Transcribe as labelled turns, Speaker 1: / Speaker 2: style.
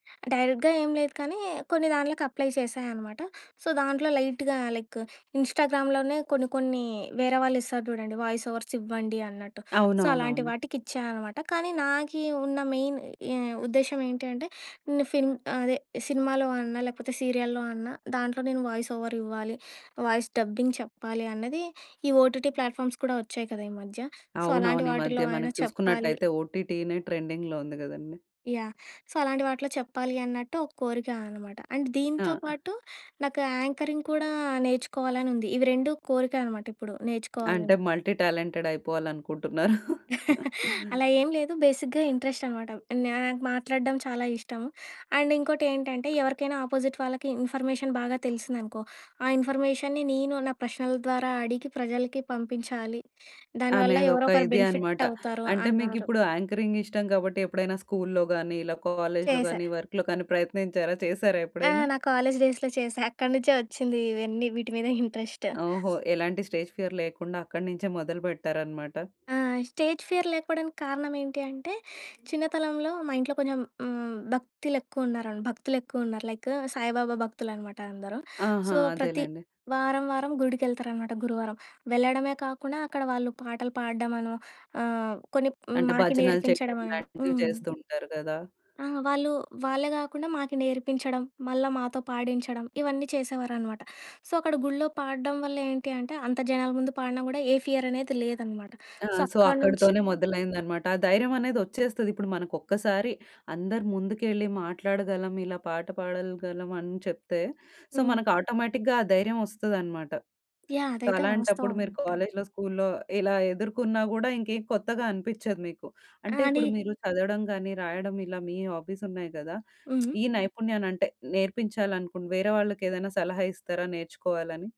Speaker 1: డైరెక్ట్‌గా ఏం లేదు, కానీ కొన్ని దాన్లకు అప్లై చేశా అనమాట. సో, దాంట్లో లైట్‌గా లైక్ ఇంస్టాగ్రామ్‌లోనే కొన్ని కొన్ని వేరే వాళ్ళిస్తారు జూడండి, వాయిసోవర్స్ ఇవ్వండి అన్నట్టు. సో, అలాంటి
Speaker 2: అవునవునవును.
Speaker 1: వాటికిచ్చానమాట, కానీ నాకీ ఉన్న మెయిన్ ఎ ఉద్దేశ్యం ఏంటి అంటే, నిన్ను ఫిల్మ్ ఆహ్, అదే. సినిమాలో అన్నా, లేపోతే సీరియల్‌లో అన్నా, దాంట్లో నేను వాయిసోవరివ్వాలి. వాయిస్ డబ్బింగ్ చెప్పాలి అన్నదీ, ఈ ఓటీటీ ప్లాట్ఫామ్స్ కూడా ఒచ్చాయి కదా ఈ మధ్య. సో, అలాంటి
Speaker 2: అవునవును. ఈ మధ్య
Speaker 1: వాటిల్లో అయినా
Speaker 2: మనకి
Speaker 1: చెప్పాలి.
Speaker 2: చూసుకున్నట్టయితే ఓటీటీ‌నే ట్రెండింగ్‌లో ఉంది గదండీ.
Speaker 1: యాహ్! సో, అలాంటి వాటిలో చెప్పాలి అన్నట్టు ఒక కోరికా అనమాట. అండ్
Speaker 2: ఆ!
Speaker 1: దీంతో పాటు నాకు యాంకరింగ్ కూడా నేర్చుకోవాలనుంది. ఇవి రెండు కోరిక అనమాటిప్పుడు
Speaker 2: అంటే,
Speaker 1: నేర్చుకోవాలని.
Speaker 2: మల్టీ టాలెంటెడయిపోవాలనుకుంటున్నారు.
Speaker 1: అలా ఏం లేదు. బేసిక్‌గా ఇంట్రెస్టనమాట. నాకు మాట్లాడడం చాలా ఇష్టం. అండ్ ఇంకోటేంటంటే, ఎవరికైనా అపోజిట్ వాళ్ళకి ఇన్ఫర్మేషన్ బాగా తెలిసిందనుకో, ఆ ఇన్ఫర్మేషన్‌ని నేను, నా ప్రశ్నల ద్వారా అడిగి, ప్రజలకి పంపించాలి. దాని వల్ల
Speaker 2: అనేదొక
Speaker 1: ఎవరొకర
Speaker 2: ఇది అనమాట.
Speaker 1: బెనిఫిట్టవుతారు
Speaker 2: అంటే,
Speaker 1: అన్నారు.
Speaker 2: మీకిప్పుడు యాంకరింగిష్టం గాబట్టి ఎప్పుడైనా స్కూల్‌లో గానీ, ఇలా కాలేజ్‌లో
Speaker 1: చేశా.
Speaker 2: గానీ, వర్క్‌లో కానీ ప్రయత్నించారా, చేశారా
Speaker 1: ఆ!
Speaker 2: ఎప్పుడైనా?
Speaker 1: నా కాలేజ్ డేస్‌లో చేశా. అక్కడ నుంచే ఒచ్చింది ఇవన్నీ, వీటి మీద ఇంట్రెస్ట్.
Speaker 2: ఓహో! ఎలాంటి స్టేజ్ ఫియర్ లేకుండా అక్కడి నించే మొదలుపెట్టారనమాట.
Speaker 1: ఆ! స్టేజ్ ఫియర్ లేకపోడానికి కారణమేంటి అంటే, చిన్నతనంలో మా ఇంట్లో కొంచం హ్మ్, భక్తిలెక్కువున్నారన్ భక్తులెక్కువున్నారు. లైక్ సాయిబాబా భక్తులనమాట అందరూ. సో,
Speaker 2: ఆహా!
Speaker 1: ప్రతి
Speaker 2: అదేలెండి.
Speaker 1: వారం వారం గుడికెళ్తారనమాట గురువారం. వెళ్ళడమే కాకుండా, అక్కడ వాళ్ళు పాటలు పాడడమనో ఆహ్, కొన్ని హ్మ్,
Speaker 2: అంటే
Speaker 1: మాకి
Speaker 2: భజనలు చెయడం
Speaker 1: నేర్పించడమనో.
Speaker 2: ఇలాంటివి
Speaker 1: హ్మ్.
Speaker 2: చేస్తూ ఉంటారు గదా?
Speaker 1: ఆ! వాళ్ళు వాళ్ళే గాకుండా, మాకి నేర్పించడం, మళ్ళా మాతో పాడించడం, ఇవన్నీ చేసేవారనమాట. సో, అక్కడ గుళ్ళో పాడడం వల్ల ఏంటి అంటే, అంత జనాల ముందు పాడిన గూడా, ఏ ఫియరనేది లేదనమాట.
Speaker 2: ఆ!
Speaker 1: సో,
Speaker 2: సో,
Speaker 1: అక్కడ నుంచి
Speaker 2: అక్కడతోనే మొదలైందనమాట. ఆ ధైర్యమనేదొచ్చేస్తది. ఇప్పుడు మనకొక్కసారి అందరు ముందుకెళ్ళి మాట్లాడగలం, ఇలా పాట పాడలగలం అని చెప్తే, సో,
Speaker 1: హ్మ్.
Speaker 2: మనకు ఆటోమేటిక్‌గా ఆ ధైర్యం వస్తదనమాట.
Speaker 1: యాహ్!
Speaker 2: సో,
Speaker 1: అదైతే
Speaker 2: అలాంటప్పుడు మీరు
Speaker 1: వాస్తవమనమాట.
Speaker 2: కాలేజ్‌లో, స్కూల్‌లో ఇలా ఎదుర్కున్నా గూడా ఇంకేం కొత్తగా అనిపిచ్చదు మీకు. అంటే,
Speaker 1: ఆనీ
Speaker 2: ఇప్పుడు మీరు చదవడం గానీ, రాయడం ఇలా మీ హాబీసున్నాయి గదా!
Speaker 1: హ్మ్.
Speaker 2: ఈ నైపుణ్యాలంటే, నేర్పించాలనుకుని, వేరే వాళ్ళకేదన్నా సలహా ఇస్తారా నేర్చుకోవాలని?